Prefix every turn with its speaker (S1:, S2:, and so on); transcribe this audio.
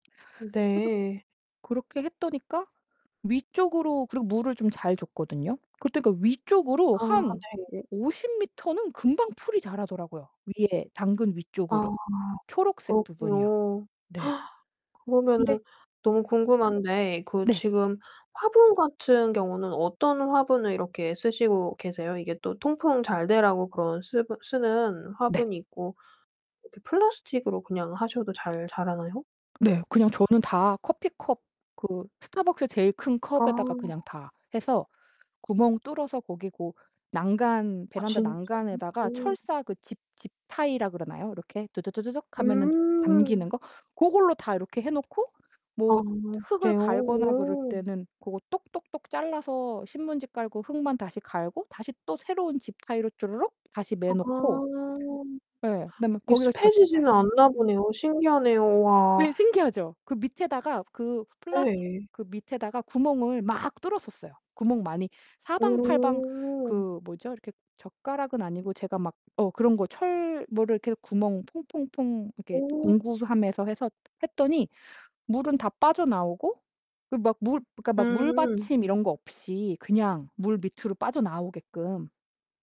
S1: 그래서
S2: 네.
S1: 그렇게 했더니까 위쪽으로 그리고 물을 좀 잘 줬거든요. 그럴 때 그러니까 위쪽으로
S2: 아
S1: 한
S2: 네.
S1: 오 오십 미터는 금방 풀이 자라더라고요. 위에 당근
S2: 아
S1: 위쪽으로. 초록색 부분이요.
S2: 그렇군요.
S1: 네. 근데
S2: 그러면은 너무 궁금한데 그
S1: 네.
S2: 지금 화분 같은 경우는 어떤 화분을 이렇게 쓰시고 계세요? 이게 또 통풍 잘되라고 그런 쓰버 쓰는
S1: 네.
S2: 화분이 있고 이렇게 플라스틱으로 그냥 하셔도 잘 자라나요?
S1: 네. 그냥 저는 다 커피 컵 그 스타벅스 제일 큰 컵에다가 그냥
S2: 아.
S1: 다 해서 구멍 뚫어서 거기 고 난간
S2: 아
S1: 베란다
S2: 진짜요?
S1: 난간에다가
S2: 오.
S1: 철사 그 집 집타이라 그러나요? 이렇게 두두두두둑 하면은
S2: 음.
S1: 잠기는 거? 고걸로 다 이렇게 해 놓고
S2: 아
S1: 뭐 흙을
S2: 그래요?
S1: 갈거나 그럴
S2: 오.
S1: 때는 고거 똑똑똑 잘라서 신문지 깔고 흙만 다시 갈고 다시 또 새로운 집타이로 쪼르륵 다시 매어 놓고
S2: 아.
S1: 예. 그다음에
S2: 이게
S1: 거기가 볕이 잘
S2: 습해지지는 않나 보네요. 신기하네요
S1: 예
S2: 와.
S1: 신기하죠? 그 밑에다가 그 플라스틱
S2: 네.
S1: 그 밑에다가 구멍을 막 뚫었었어요. 구멍 많이 사방팔방
S2: 오.
S1: 그 뭐죠? 이렇게 젓가락은 아니고 제가 막 어 그런 거 철 뭐를 이렇게 해서 구멍 퐁퐁퐁 이렇게
S2: 오.
S1: 공구함에서 해서 했더니 물은 다 빠져나오고 그 막 물 그러니까 막
S2: 음.
S1: 물받침 이런 거 없이 그냥 물 밑으로 빠져나오게끔.